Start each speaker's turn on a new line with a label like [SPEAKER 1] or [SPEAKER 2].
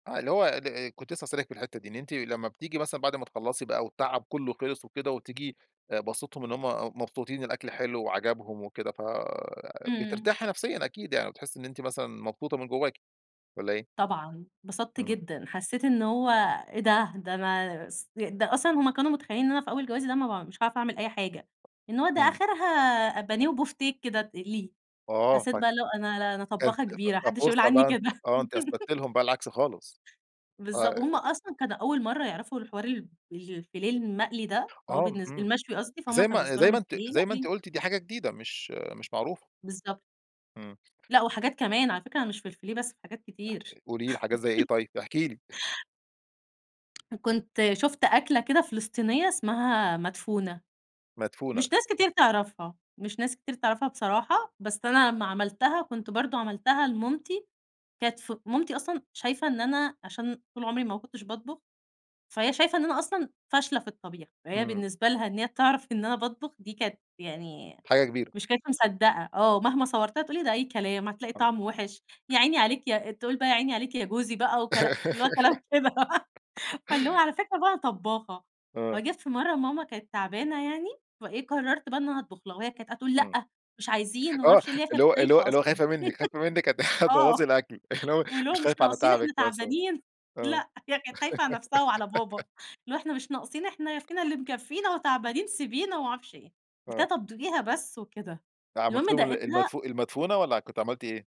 [SPEAKER 1] آه، اللي هو ال كنت لسه هاسألِك في الحِتّة دي، إن أنتِ لما بتيجي مثلًا بَعد ما تخلّصي بقى و التعب كلّه خلِص وكده وتيجي أ باسِطهم إن هُم مبسوطين، الأكل حلو وعجَبهم وكده، ف
[SPEAKER 2] امم.
[SPEAKER 1] بترتاحي نفسيًا أكيد، يعني بتحسّي إن أنتِ مثلًا مبسوطة من جواكِ والّا إيه؟
[SPEAKER 2] طبعًا. انبسطت
[SPEAKER 1] امم.
[SPEAKER 2] جدًا، حسّيت إن هو إيه ده! ده أنا ص ده أصلًا هُم كانوا متخيّلين إن أنا في أول جوازي ده ما ب مش هاعرَف أعمل أي حاجة، إن هو ده
[SPEAKER 1] امم.
[SPEAKER 2] آخِرها أ بانيه وبُوفتيك كده تقلِيه.
[SPEAKER 1] آه ف
[SPEAKER 2] حسّيت بقى اللي هو أنا لأ أنا
[SPEAKER 1] كانت
[SPEAKER 2] طبّاخة كبيرة ما
[SPEAKER 1] ف
[SPEAKER 2] حدش يقول
[SPEAKER 1] ففرصة
[SPEAKER 2] عني
[SPEAKER 1] بقى أنتِ
[SPEAKER 2] كده
[SPEAKER 1] آه أنتِ أثبتتِ لهُم بقى العكس خالص،
[SPEAKER 2] بالضب وهُم
[SPEAKER 1] [unintelligible]
[SPEAKER 2] أصلًا كانوا أول مرَّة يعرَفوا الحوار ال الفيليه المقلي ده، هو
[SPEAKER 1] آه
[SPEAKER 2] بالنس
[SPEAKER 1] امم،
[SPEAKER 2] المشوي قصدي، فهُم
[SPEAKER 1] زي
[SPEAKER 2] كان
[SPEAKER 1] ما
[SPEAKER 2] بالنسبة
[SPEAKER 1] زي
[SPEAKER 2] لهُم
[SPEAKER 1] ما أنتِ
[SPEAKER 2] الفيليه
[SPEAKER 1] زي ما أنتِ
[SPEAKER 2] مقلي.
[SPEAKER 1] قُلتِ، دي حاجة جديدة مش مش معروفة.
[SPEAKER 2] بالضبط.
[SPEAKER 1] امم.
[SPEAKER 2] لأ وحاجات كمان، على فكرة أنا مش في الفيليه بس، في حاجات كتير.
[SPEAKER 1] قولي لي، حاجات زي إيه طيب، احكي لي
[SPEAKER 2] كنت شُفت أكْلة كده فلسطينية اسمها مدفونة.
[SPEAKER 1] مدفونة.
[SPEAKER 2] مش ناس كتير تعرَفها، مش ناس كتير تعرَفها بصراحة، بس أنا لمّا عملتها كنت برضه عملتها لمامتي، كانت ف مامتي أصلًا شايفة إن أنا عشان طول عمري ما كنتش باطبُخ، فهي شايفة إن أنا أصلًا فاشلة في الطبيخ. فهي
[SPEAKER 1] امم.
[SPEAKER 2] بالنسبة لها إن هي تعرَف إن أنا باطبُخ دي كانت يعني،
[SPEAKER 1] حاجة كبيرة.
[SPEAKER 2] مش كانت مصدّقة آه. مهما صوّرت لها تقول لي: "ده أي كلام، هتلاقي
[SPEAKER 1] آه.
[SPEAKER 2] طعمُه وِحش." يا عيني عليك، يا تقول بقى: "يا عيني عليك يا جوزي." بقى وكلا اللي هو كلام كده فاللي هو على فكرة بقى أنا طبّاخة.
[SPEAKER 1] آه.
[SPEAKER 2] وجات في مرّة ماما كانت تعبانة يعني، فإيه، قرّرت بقى إن أنا هاطبُخ لها، وهي كانت قاعدة تقول:
[SPEAKER 1] امم،
[SPEAKER 2] لأ، مش عايزين." وما
[SPEAKER 1] آه،
[SPEAKER 2] عرفش اللي هي
[SPEAKER 1] اللي
[SPEAKER 2] كانت
[SPEAKER 1] هو اللي هو
[SPEAKER 2] خايفة
[SPEAKER 1] اللي هو
[SPEAKER 2] أصلًا.
[SPEAKER 1] خايفة منِك، خايفة منِك هت
[SPEAKER 2] آه،
[SPEAKER 1] هتبوّظي الأكل اللي هو
[SPEAKER 2] واللي هو
[SPEAKER 1] مش
[SPEAKER 2] مش
[SPEAKER 1] خايفة على
[SPEAKER 2] ناقصين إحنا
[SPEAKER 1] تعَبِك مثلًا،
[SPEAKER 2] تعبانين،
[SPEAKER 1] آه.
[SPEAKER 2] لأ، هي كانت خايفة على نفْسها وعلى بابا، اللي هو "إحنا مش ناقصين، إحنا ي فينا اللي مكفّينا وتعبانين، سيبينا." ومعرفش إيه، قُلت
[SPEAKER 1] آه.
[SPEAKER 2] لها طَب دوقيها بس وكده،
[SPEAKER 1] ده عملتِ
[SPEAKER 2] المهم
[SPEAKER 1] لهم ال
[SPEAKER 2] داقتها
[SPEAKER 1] المدفو المدفونة والّا كنتِ عملتِ إيه؟